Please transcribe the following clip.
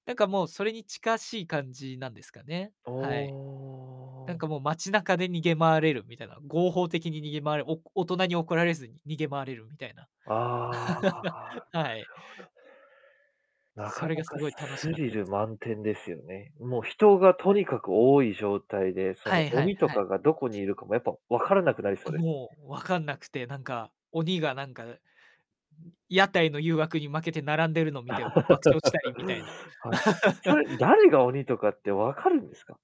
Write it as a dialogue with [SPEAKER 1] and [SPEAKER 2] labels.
[SPEAKER 1] なんか、もうそれに近しい感じなんですかね、
[SPEAKER 2] お
[SPEAKER 1] はい。なん
[SPEAKER 2] お。
[SPEAKER 1] かもう街中で逃げ回れるみたいな。合法的に逃げ回る、お大人に怒られずに逃げ回れるみたいな。
[SPEAKER 2] ああ、あ あ、
[SPEAKER 1] はい。
[SPEAKER 2] なるほどね。なか
[SPEAKER 1] それ
[SPEAKER 2] な
[SPEAKER 1] がす
[SPEAKER 2] か
[SPEAKER 1] ごい楽
[SPEAKER 2] ス
[SPEAKER 1] し
[SPEAKER 2] ス
[SPEAKER 1] かっ
[SPEAKER 2] リ
[SPEAKER 1] たで
[SPEAKER 2] ル
[SPEAKER 1] す。
[SPEAKER 2] 満点ですよね。もう、人が
[SPEAKER 1] は
[SPEAKER 2] と
[SPEAKER 1] い。
[SPEAKER 2] にかく多い状態で、そ
[SPEAKER 1] は
[SPEAKER 2] の
[SPEAKER 1] いはい
[SPEAKER 2] 鬼と
[SPEAKER 1] はい。
[SPEAKER 2] かがどこにいるかもやっぱ、分からなくなりそ
[SPEAKER 1] あ、
[SPEAKER 2] うです。
[SPEAKER 1] もう、わかんなくて。なんか、鬼がなんか、屋台の誘惑に負けて並んでるのを見て、爆笑したりみたいな。
[SPEAKER 2] はい。それ、誰が鬼とかって分かるんですか？